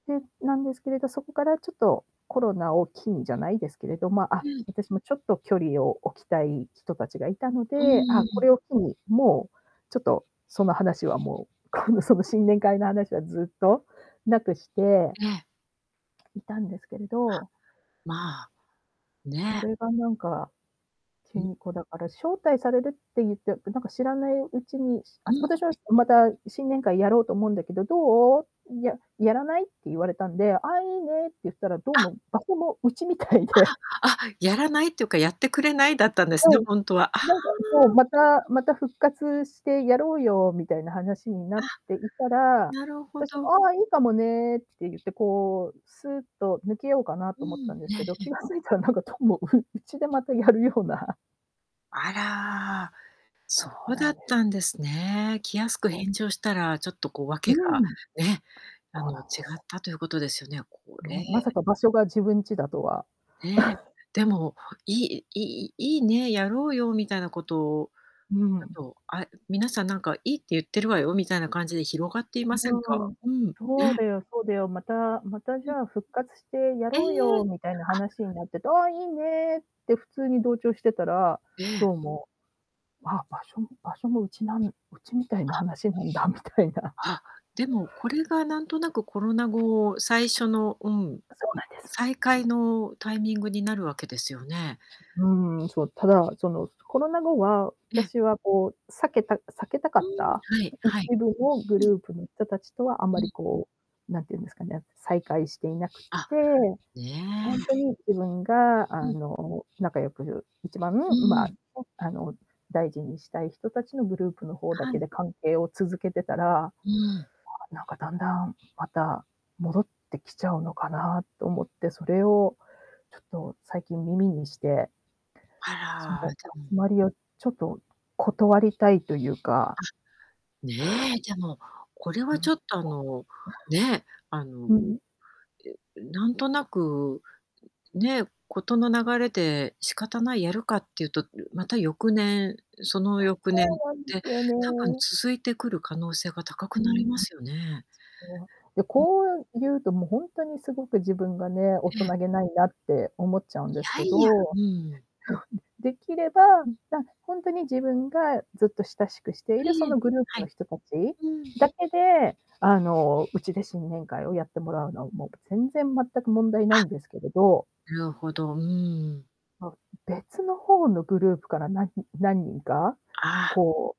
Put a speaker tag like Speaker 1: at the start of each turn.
Speaker 1: で、なんですけれど、そこからちょっと、コロナを機にじゃないですけれど、ま、
Speaker 2: う
Speaker 1: あ、
Speaker 2: ん。
Speaker 1: 私もちょっと距離を置きたい人たちがいたの
Speaker 2: う
Speaker 1: で、あ、
Speaker 2: ー
Speaker 1: こ
Speaker 2: ん。
Speaker 1: れを機に、もう、ちょっと、その話はもう、この、その、新年会の話はずっと無くして
Speaker 2: ええ。
Speaker 1: いたんですけれ
Speaker 2: あ、
Speaker 1: ど
Speaker 2: まあ。
Speaker 1: そ
Speaker 2: ね。
Speaker 1: れがなんか、急
Speaker 2: ん。
Speaker 1: に、こう、だから、招待されるって言って、で、なんか知らないうちに、し
Speaker 2: う
Speaker 1: あ、
Speaker 2: ん。
Speaker 1: 私は「また新年会やろうと思うんだけど、どう？い、ややらない？」って言われたんで、「ああ、良いね」って言ったら、どう
Speaker 2: あ。
Speaker 1: も、場所もうちみたいで
Speaker 2: ああ、あ、「やらない？」っていうか「やってくれない？」だったんで
Speaker 1: は
Speaker 2: すね、
Speaker 1: い。
Speaker 2: ほんとは。あ
Speaker 1: な
Speaker 2: あ。
Speaker 1: んか、そう「またまた復活してやろうよ」みたいな話にな
Speaker 2: あ。
Speaker 1: っていたら、
Speaker 2: なるほ
Speaker 1: 私も
Speaker 2: ど。
Speaker 1: 「ああ、良いかもね」って言って、こう、すっと抜けようかな
Speaker 2: う
Speaker 1: と思っ
Speaker 2: ん、
Speaker 1: たんで
Speaker 2: え
Speaker 1: す
Speaker 2: え
Speaker 1: けど、
Speaker 2: え
Speaker 1: 気
Speaker 2: え。
Speaker 1: が付いたらなんか、どうも、ううちでまたやるような。
Speaker 2: あら。
Speaker 1: そ
Speaker 2: そ
Speaker 1: う
Speaker 2: う
Speaker 1: な
Speaker 2: だっ
Speaker 1: んです。
Speaker 2: たんですね。気安く
Speaker 1: お。
Speaker 2: 返事をしたら、ちょっと、こう、
Speaker 1: う
Speaker 2: 訳が、
Speaker 1: ん。
Speaker 2: ね、あ
Speaker 1: そう
Speaker 2: の、違
Speaker 1: なんです。
Speaker 2: ったということですよね。こ
Speaker 1: な
Speaker 2: れ
Speaker 1: んまさか場所が自分ちだとは。
Speaker 2: ねえ。でも、いい、いい良いね、やろうよ、みたいなこと、
Speaker 1: う
Speaker 2: だ
Speaker 1: ん。
Speaker 2: と、あ、皆さんなんか「良いって言ってるわよ」みたいな感じで広がっていませんか？
Speaker 1: うん。
Speaker 2: うん。
Speaker 1: 「そう
Speaker 2: ね。
Speaker 1: だよそうだよ。また、また、
Speaker 2: う
Speaker 1: じ
Speaker 2: ん。
Speaker 1: ゃあ復活してや
Speaker 2: え
Speaker 1: ろう
Speaker 2: え。
Speaker 1: よ」みたいな
Speaker 2: あ
Speaker 1: 話になってて「ああ、良いね」って普通に同調してたら、
Speaker 2: ええ。
Speaker 1: どうも、あ、場所場所もうちなんうちみたいな
Speaker 2: あ。
Speaker 1: 話なんだみたいな。
Speaker 2: あ、でもこれがなんとなくコロナ後、最初の、うん、
Speaker 1: あ、そうなんです。
Speaker 2: 再開のタイミングになるわけですよね。
Speaker 1: うーん、そう、ただ、その、コロナ後は、あ
Speaker 2: え
Speaker 1: た
Speaker 2: え。
Speaker 1: しはこう、避けた避けたか
Speaker 2: う
Speaker 1: っ
Speaker 2: ん、
Speaker 1: た、
Speaker 2: はい
Speaker 1: 一
Speaker 2: はい。
Speaker 1: 部のグ
Speaker 2: うん。
Speaker 1: ループの人達とはあ
Speaker 2: う
Speaker 1: まり、
Speaker 2: ん。
Speaker 1: こう、何て言うんですかね、再会していなくっ
Speaker 2: あ。
Speaker 1: て、
Speaker 2: ね
Speaker 1: ほん
Speaker 2: え。
Speaker 1: とに自分が
Speaker 2: う
Speaker 1: あ
Speaker 2: ん。
Speaker 1: の、仲良く一番ね、
Speaker 2: うん
Speaker 1: ま
Speaker 2: う
Speaker 1: あ、
Speaker 2: ん。
Speaker 1: あの、大事にしたい人たちのグループの方だ
Speaker 2: は
Speaker 1: け
Speaker 2: い。
Speaker 1: で関係を続けてたら、
Speaker 2: うん。
Speaker 1: なんか、だんだんまた、戻ってきちゃうのかなと思って、それをちょっと最近耳にして
Speaker 2: あ
Speaker 1: そ
Speaker 2: ら。
Speaker 1: の
Speaker 2: じゃう
Speaker 1: 集
Speaker 2: ん。
Speaker 1: まりを、ちょっと断りたいというか
Speaker 2: あ。ねえ、でも、これはちょっとあの、ね、あの、
Speaker 1: う
Speaker 2: う
Speaker 1: ん。
Speaker 2: なんとなく、ね、事の流れで仕方ない、やるかっていうと、また翌年、その翌
Speaker 1: そ
Speaker 2: 年っ
Speaker 1: うなんで
Speaker 2: て
Speaker 1: すよ
Speaker 2: 多分
Speaker 1: ね。
Speaker 2: 続いてくる可能性が高
Speaker 1: う
Speaker 2: く
Speaker 1: ー
Speaker 2: なり
Speaker 1: ん。
Speaker 2: ますよね。
Speaker 1: そう。で、
Speaker 2: うん。
Speaker 1: こう言うと、もうほんとに凄く自分がね、大
Speaker 2: え
Speaker 1: 人
Speaker 2: え。
Speaker 1: げないなって思っちゃうん
Speaker 2: い
Speaker 1: です
Speaker 2: や
Speaker 1: け
Speaker 2: いや、
Speaker 1: ど、
Speaker 2: うん。
Speaker 1: できれば、
Speaker 2: ん。
Speaker 1: ま、ほんとに自分がずっと親しくして
Speaker 2: え
Speaker 1: いるそ
Speaker 2: えええ、
Speaker 1: のグループ
Speaker 2: は
Speaker 1: の
Speaker 2: い。
Speaker 1: 人達
Speaker 2: うん。
Speaker 1: だけで、あの、うちで新年会をやってもらうのは、もう全然全く問題ない
Speaker 2: あ。
Speaker 1: んですけれど
Speaker 2: なるほど。うーん。
Speaker 1: ま、別の方のグループから何何人か、
Speaker 2: ああ。
Speaker 1: こう